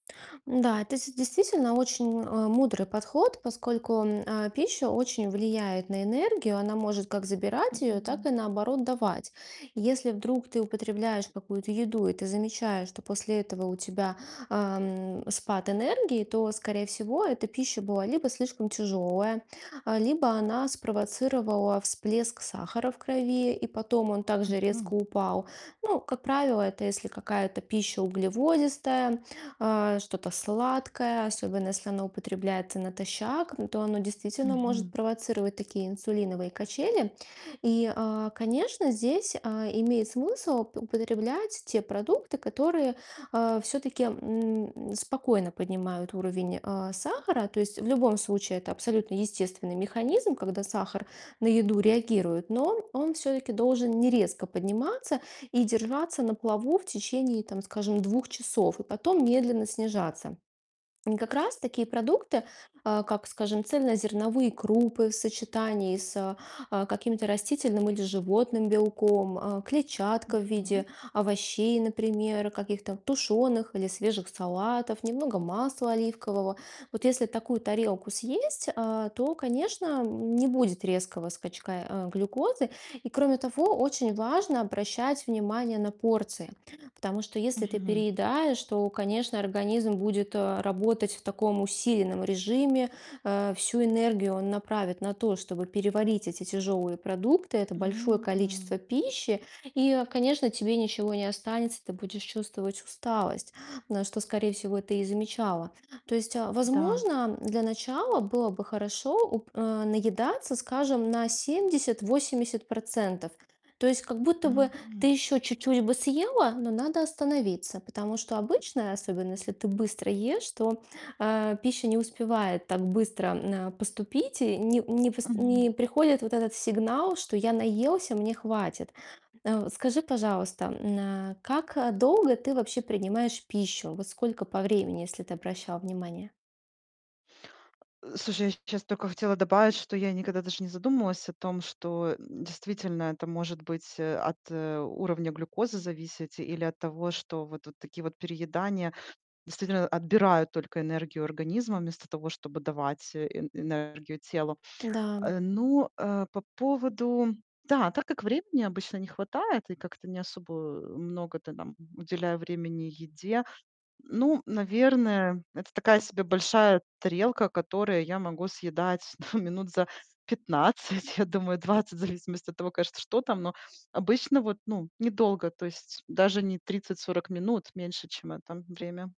Н-да, это дес действительно очень, э, мудрый подход, поскольку, м, э, пища очень влияет на энергию. Она может как забирать Мгм, её, так м. и, наоборот, давать. Если вдруг ты употребляешь какую-то еду и ты замечаешь, что после этого у тебя, э, м, спад энергии, то, скорее всего, эта пища была либо слишком тяжёлая, либо она спровоцировала всплеск сахара в крови, и потом он также Мгм. резко упал. Ну, как правило, это если какая-то пища углеводистая, э, что-то сладкое, особенно если оно употребляется натощак. М, то оно действительно может Мгм. провоцировать такие инсулиновые качели. И, а, конечно, здесь, э, имеет смысл уп употреблять те продукты, которые, э, всё-таки, м, спокойно поднимают уровень, э, сахара. То есть в любом случае это абсолютно естественный механизм, когда сахар на еду реагирует, но он он всё-таки должен не резко подниматься и держаться на плаву в течение, там, скажем, 2 часов и потом медленно снижаться. И как раз такие продукты, а, как, скажем, цельнозерновые крупы в сочетании с, а, каким-то растительным или животным белком, э, клетчатка в Мгм. виде овощей, например, каких-то тушёных или свежих салатов, немного масла оливкового. Вот если такую тарелку съесть, э, то, конечно, н не будет резкого скачка, э, глюкозы. И, кроме того, очень важно обращать внимание на порции. Потому что если ты Мгм, м. переедаешь, то, конечно, организм будет, э, работать в таком усиленном режиме. Э, всю энергию он направит на то, чтобы переварить эти тяжёлые продукты, это большое Мгм. количество пищи. И, э, конечно, тебе ничего не останется- ты будешь чувствовать усталость. А, что, скорее всего, ты и замечала. То есть, Да. возможно, для начала было бы хорошо, уп э, наедаться, скажем, на 70-80 %. То есть как будто бы ты Мгм. ещё чуть-чуть бы съела, но надо остановиться, потому что обычно, особенно если ты быстро ешь, то, э, пища не успевает так быстро, э, поступить. И не не вс не Мгм. приходит вот этот сигнал, что: "Я наелся, мне хватит". Э, скажи, пожалуйста, м, э, как долго ты вообще принимаешь пищу? Вот сколько по времени, если ты обращала внимание? Э, слушай, я щ щас только хотела добавить, что я никогда даже не задумывалась о том, что, м, действительно это может быть, э, от, э, уровня глюкозы зависеть или от того, что вот такие вот переедания, действительно, отбирают только энергию организма вместо того, чтобы давать э э энергию телу. Н-да, м. Э, ну, э, по поводу Да, так как времени обычно не хватает и как-то не особо, э, много-то там уделяю времени еде. Ну, наверное, это такая себе большая тарелка, которая я могу съедать да, минут за 15, я думаю, 20, в зависимости от того, конечно, что там, но обычно вот, ну, недолго. То есть даже не 30-40 минут, меньше, чем это время.